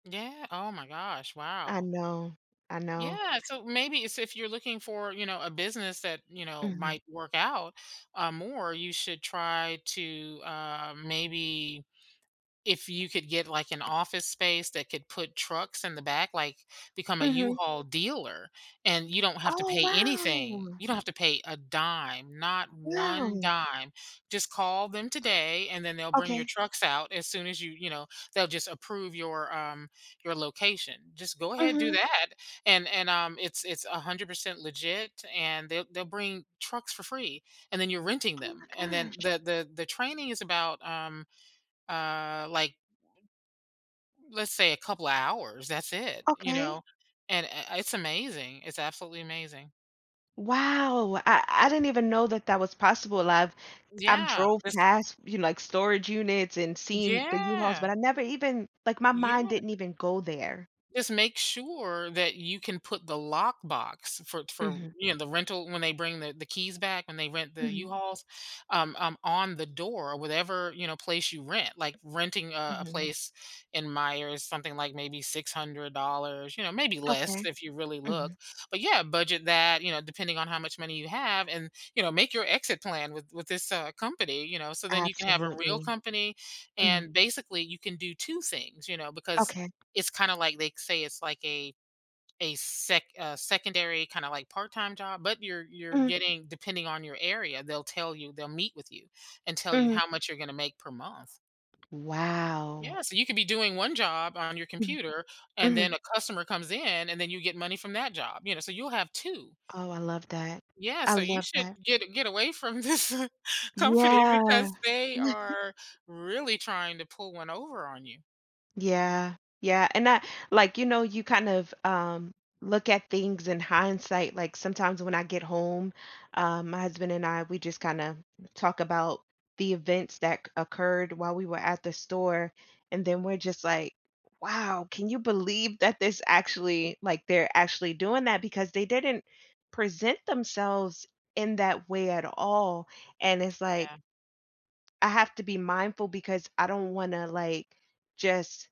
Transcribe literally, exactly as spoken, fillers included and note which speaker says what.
Speaker 1: Yeah, oh my gosh,
Speaker 2: I
Speaker 1: wow.
Speaker 2: know, I know.
Speaker 1: Yeah, so maybe so if you're looking for, you know, a business that, you know,
Speaker 2: Mhm.
Speaker 1: might work out, uh, more, you should try to, um, maybe if you could get, like, an office space that could put trucks in the back, like, become a
Speaker 2: Mhm.
Speaker 1: U-Haul dealer and you don't have to
Speaker 2: Oh,
Speaker 1: pay anything,
Speaker 2: wow.
Speaker 1: you don't have to pay a dime, not one
Speaker 2: Wow.
Speaker 1: dime, just call them today, and then they'll bring your
Speaker 2: Okay.
Speaker 1: trucks out as soon as you you know, they'll just approve your, um, your location. Just go ahead, do
Speaker 2: Mhm.
Speaker 1: that, and and, um, it's it's a hundred percent legit and they'll they'll bring trucks for free and then you're renting
Speaker 2: Oh my
Speaker 1: them, and then
Speaker 2: gosh.
Speaker 1: the the the training is about, um, uh, like let's say a couple hours, that's it, you
Speaker 2: Okay.
Speaker 1: know, and, eh, it's amazing. It's absolutely amazing.
Speaker 2: Wow, I I didn't even know that that was possible. I've I've
Speaker 1: Yeah.
Speaker 2: drove
Speaker 1: [unintelligible]
Speaker 2: past, you know, like, storage units and seen the U-Hauls,
Speaker 1: Yeah.
Speaker 2: but I never even, like, my mind
Speaker 1: Yeah.
Speaker 2: didn't even go there.
Speaker 1: Just make sure that you can put the lockbox for for,
Speaker 2: Mhm.
Speaker 1: you know, the rental when they bring the the keys back and they rent the
Speaker 2: Mhm.
Speaker 1: U-Hauls, um, um, on the door, whatever, you know, place you rent, like, renting a a
Speaker 2: Mhm.
Speaker 1: place in Myers, something, like, maybe six hundred dollars, you know, maybe less
Speaker 2: Okay,
Speaker 1: if you really look,
Speaker 2: mhm.
Speaker 1: but yeah, budget that, you know, depending on how much money you have and, you know, make your exit plan with with this, uh, company, you know, so then you can have a real
Speaker 2: Absolutely,
Speaker 1: company
Speaker 2: mhm.
Speaker 1: and basically you can do two things, you know, because
Speaker 2: Okay.
Speaker 1: it's kinda, like, they say it's, like, a a sec a secondary kinda, like, part-time job, but you're you're
Speaker 2: Mhm.
Speaker 1: getting depending on your area, they'll tell you they'll meet with you and tell you
Speaker 2: Mhm.
Speaker 1: how much you're gonna make per month.
Speaker 2: Wow.
Speaker 1: Yeah, so you could be doing one job on your
Speaker 2: Mm.
Speaker 1: computer and
Speaker 2: Mhm.
Speaker 1: then a customer comes in and then you get money from that job, you know, so you'll have two.
Speaker 2: Oh, I love that,
Speaker 1: Yeah,
Speaker 2: I
Speaker 1: so you
Speaker 2: love
Speaker 1: should
Speaker 2: that.
Speaker 1: get get away from this company
Speaker 2: Yeah.
Speaker 1: because they are really trying to pull one over on you.
Speaker 2: Yeah. Yeah, and that, like, you know, you kinda, um, look at things in hindsight, like, sometimes when I get home, uh, my husband and I, we just kinda talk about the events that c occurred while we were at the store, and then we're just, like, "Wow, can you believe that this actually, like, they're actually doing that because they didn't present themselves in that way at all," and it's, like
Speaker 1: Yeah.
Speaker 2: I have to be mindful because I don't wanna, like, just